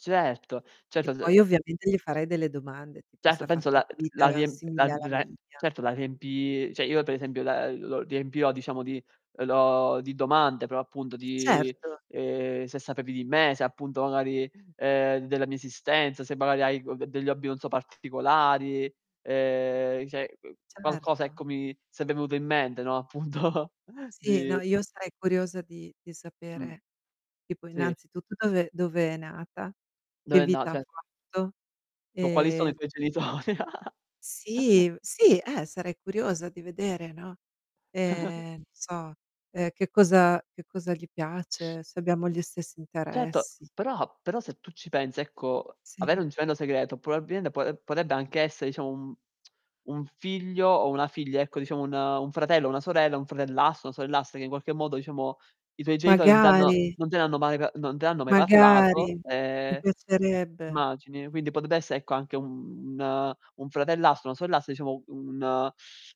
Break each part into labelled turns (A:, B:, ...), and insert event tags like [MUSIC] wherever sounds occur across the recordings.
A: Certo,
B: E
A: certo se de
B: poi, ovviamente, gli farei delle domande, tipo se
A: Certo,
B: ha
A: penso
B: fatto una
A: la uhm, la
B: vita
A: riemp la
B: simile
A: n
B: alla
A: la
B: mia.
A: certo la riempi cioè io, per esempio, la uhm, lo riempirò diciamo di uhm, lo di domande, però appunto
B: E
A: di
B: certo.
A: ehm, se sapevi di me, se appunto magari uhm, della mia esistenza, se magari hai [UNINTELLIGIBLE] degli hobby non so particolari, uhm, i cioè uhm, qualcosa,
B: Certo.
A: ecco, mi sarebbe venuto in mente, no, appunto,
B: Sì, no,
A: di
B: io sarei curiosa di di
A: Mh.
B: sapere tipo,
A: Sì.
B: innanzitutto, dove dove è nata, che
A: Beh, no,
B: vita ha
A: cioè
B: fatto.
A: Tipo: "Quali sono i
B: Ehm
A: tuoi genitori." [CHUCKLES]
B: Sì, v sì, eh, sarei curiosa di vedere, no,
A: [CHUCKLES]
B: ehm, non so, uhm, che cosa che cosa gli piace, se abbiamo gli stessi
A: Certo,
B: interessi.
A: però però, se tu ci pensi, ecco, avere
B: Sì.
A: un gemello segreto probabilmente po uhm, potrebbe anche essere, diciamo, un [TSK] un figlio o una figlia ecco, diciamo un un fratello o una sorella, un fratellastro, una sorellastra che in qualche modo, diciamo, i tuoi genitori non t'hanno
B: Magari.
A: non te ne hanno mai pa non te ne hanno mai
B: Magari,
A: parlato,
B: mi
A: ehm
B: piacerebbe.
A: immagini. Quindi potrebbe esse ecco, anche un un fratellastro, una sorellastra, diciamo, un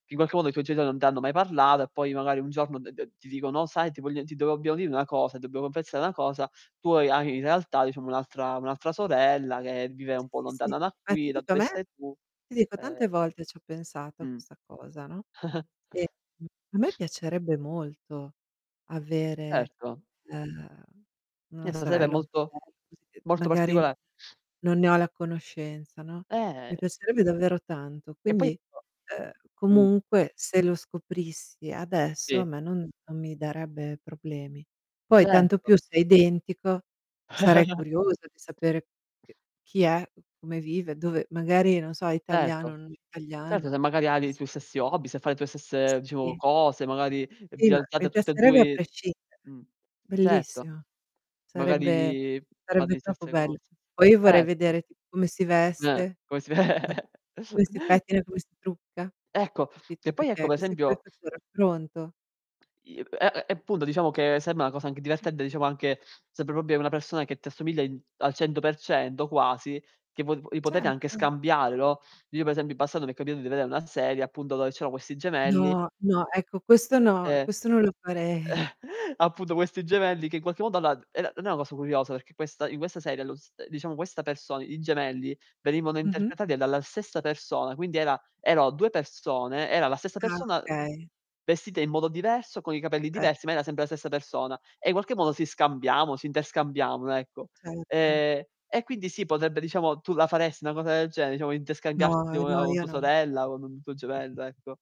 A: che in qualche modo i tuoi genitori non t'hanno mai parlato, e poi magari un giorno d d ti dicono: "Oh sai ti voglio ti devo dobbiamo dire una cosa, ti dobbiamo confessare una cosa, tu ha hai in realtà diciamo un'altra un'altra sorella che vive
B: Sì,
A: un po'
B: sì, sì.
A: lontana da
B: Ma ti
A: qui, da
B: dico a
A: dove
B: me
A: stai tu,
B: ti dico,
A: uhm"
B: tante volte ci ho pensato a
A: Mh.
B: questa cosa, no,
A: [CHUCKLES]
B: e, mhmm, a me piacerebbe molto avere,
A: Certo.
B: uhm,
A: Eh,
B: una
A: della serie è
B: sorella, un
A: molto
B: fratello così, che
A: molto
B: magari
A: particola
B: non ne ho la conoscenza, no, mi
A: Eh.
B: piacerebbe davvero tanto,
A: Che poi
B: quindi, uhm,
A: [UNINTELLIGIBLE] Mh.
B: comunque, se lo scoprissi adesso, a
A: Sì.
B: me non non mi darebbe problemi. Poi tanto
A: Certo.
B: più se è identico, sarei
A: [CHUCKLES]
B: curiosa di sapere c chi è, come vive, dove magari, non so, è italiano
A: Certo.
B: o non italiana.
A: Certo se magari ha
B: Eh
A: dei
B: sì.
A: tuoi stessi hobby, se fa le tue stesse, diciamo,
B: Sì.
A: cose, magari
B: Sì,
A: vi
B: ma mi
A: alzate tutte e
B: piacerebbe a
A: due
B: prescindere,
A: Mh. Certo.
B: bellissimo.
A: Magari
B: Sarebbe
A: vi fate
B: sarebbe
A: li
B: troppo
A: stesse
B: bello.
A: cose.
B: Poi io vorrei
A: Erto.
B: vedere tipo come si
A: Eh,
B: veste,
A: come si ve
B: [CHUCKLES]
A: [CHUCKLES]
B: come si pettina, come si trucca,
A: Ecco,
B: capito,
A: che poi ecco,
B: perché
A: pe
B: così poi
A: esempio
B: faccio il raffronto.
A: E e e punto diciamo che sembra una cosa anche
B: Mh.
A: divertente, diciamo anche sarebbe proprio una persona che ti assomiglia in al 100% quasi, che po vi potete anche
B: Certo.
A: scambiare, no, io per esempio in passato mi è capitato di vedere una serie, appunto, dove c'erano questi gemelli
B: No, no, ecco questo no,
A: E
B: questo non lo farei.
A: [CHUCKLES] appunto questi gemelli che in qualche modo allora d era non è una cosa curiosa perché questa in questa serie lo s diciamo questa persona i gemelli venivano
B: Mh-mh.
A: interpretati dalla stessa persona, quindi era erano 2 persone era la stessa
B: Ah,
A: persona
B: okay.
A: vestita in modo diverso, con i capelli
B: Eh.
A: diversi, ma era sempre la stessa persona, e in qualche modo si scambiamo, si interscambiavano, ecco.
B: Certo.
A: Ehm, e quindi sì, potrebbe, diciamo tu la faresti una cosa del genere, diciamo interscambiarti
B: No, no,
A: [UNINTELLIGIBLE] con
B: io
A: tua
B: no.
A: sorella, con un tuo gemello, ecco?